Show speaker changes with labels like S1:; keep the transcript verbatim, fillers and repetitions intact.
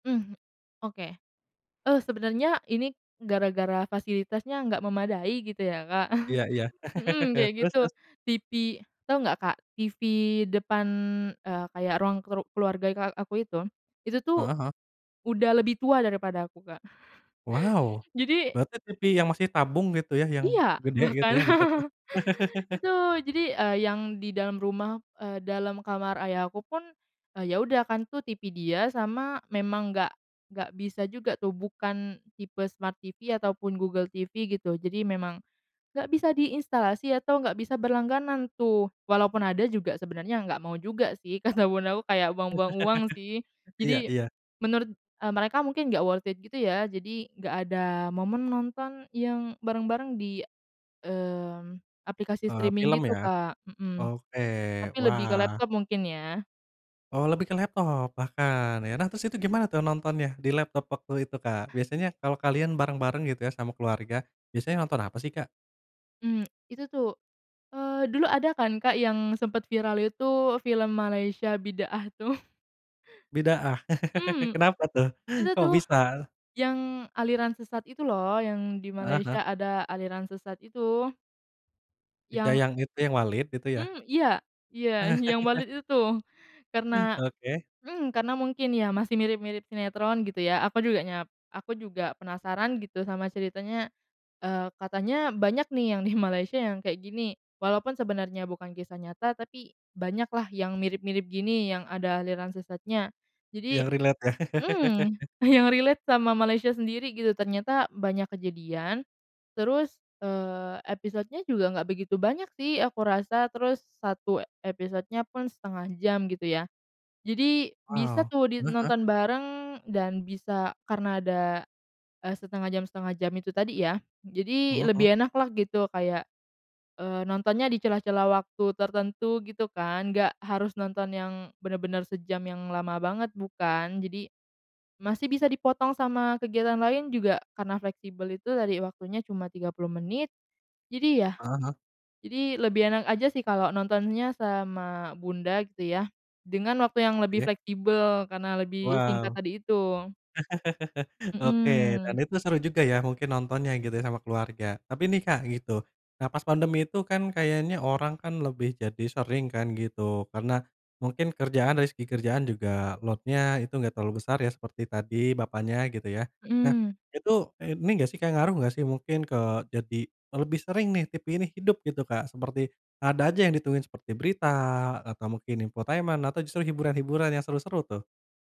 S1: Mhm, oke. Eee, sebenarnya ini gara-gara fasilitasnya enggak memadai gitu ya, Kak,
S2: Iya iya.
S1: hmm, kayak
S2: Terus
S1: gitu.
S2: terus?
S1: TV tau nggak Kak, TV depan, eee, kayak ruang kru keluarga ika aku itu, itu tuh,
S2: Heeh heeh.
S1: udah lebih tua daripada aku, Kak.
S2: Waw,
S1: Jadi
S2: berarti TV yang masih tabung gitu ya, yang
S1: Iya,
S2: gede gitu
S1: bahkan
S2: ya, bentuknya?
S1: itu jadi, eee, yang di dalam rumah eee, dalam kamar ayah aku pun, eee, ya udah kan, tuh TV dia sama memang nggak nggak bisa juga tuh, bukan tipe Smart TV atau pun Google TV gitu, jadi memang, nggak bisa diinstalasi atau nggak bisa berlangganan tuh. Walaupun ada juga, sebenernya nggak mau juga sih kata bundaku kayak, "Buang-buang uang," sih.
S2: Iya
S1: Jadi,
S2: iya.
S1: menurut, eee, mereka mungkin nggak worth it gitu ya, jadi nggak ada momen nonton yang bareng-bareng di, mmm, aplikasi
S2: Eee,
S1: streaming
S2: film
S1: gitu,
S2: ya?
S1: Kak, mhm.
S2: Oke,
S1: Tapi lebih ke
S2: wah.
S1: laptop mungkin ya.
S2: Oh, lebih ke laptop bahkan ya. Nah, terus itu gimana tuh nontonnya, di laptop waktu itu, Kak? Biasanya kalau kalian bareng-bareng gitu ya, sama keluarga. Biasanya nonton apa sih, Kak?
S1: Mmm, itu tuh, eee, dulu ada kan, Kak, yang sempat viral itu film Malaysia, Bidaah tuh.
S2: Bidaah.
S1: Mmm,
S2: Kenapa tuh?
S1: itu
S2: Kok
S1: tuh,
S2: bisa?
S1: yang aliran sesat itu loh, yang di
S2: Heeh
S1: Malaysia
S2: heeh.
S1: ada aliran sesat itu.
S2: Iga
S1: Yang
S2: yang itu, yang Walid itu ya?
S1: Mmm, iya, iya, yang balet itu tuh, karena
S2: Oke.
S1: mmm, karena mungkin ya, masih mirip-mirip sinetron gitu ya, aku juga nyap aku juga penasaran gitu, sama ceritanya, eee, katanya banyak nih, yang di Malaysia yang kayak gini. Walaupun sebenarnya bukan kisah nyata, tapi banyak lah, yang mirip-mirip gini, yang ada aliran sesatnya. Jadi
S2: Yang relate yah?
S1: mmm, yang relate sama Malaysia sendiri gitu, ternyata banyak kejadian, terus, eee, episodenya juga nggak begitu banyak sih aku rasa, terus satu episodenya pun setengah jam, gitu ya. Jadi bisa
S2: Wow,
S1: tuh di
S2: heeh heeh.
S1: nonton bareng dan bisa karena ada, eee, setengah jam setengah jam itu tadi ya,
S2: Mhm
S1: jadi
S2: mhm.
S1: lebih enak lah gitu, kayak, eee, nontonnya di celah-celah waktu tertentu gitu kan, nggak harus nonton yang bener-bener sejam yang lama banget, bukan. Jadi, masih bisa dipotong sama kegiatan lain juga karena fleksibel itu tadi, waktunya cuma tiga puluh menit. Jadi yah
S2: Heeh heeh.
S1: jadi lebih enak aja sih, kalau nontonnya sama bunda gitu ya, dengan waktu yang lebih
S2: Oke.
S1: fleksibel, karena lebih singkat
S2: Waw.
S1: tadi itu.
S2: Oke, dan
S1: Mhm.
S2: itu seru juga ya, mungkin nontonnya gitu ya, sama keluarga. Tapi nih, Kak, gitu. Nah pas pandemi itu kan kayaknya orang kan lebih jadi sering kan gitu, karena, mungkin kerjaan dari segi kerjaan juga load-nya itu nggak terlalu besar ya, seperti tadi bapaknya gitu ya. Nah,
S1: Mhm.
S2: itu, ini nggak sih, Kak, ngaruh nggak sih, mungkin ke jadi lebih sering nih, TV ini hidup gitu, Kak, seperti ada aja yang ditungguin, seperti berita atau mungkin infotainment atau justru hiburan-hiburan yang seru-seru tuh.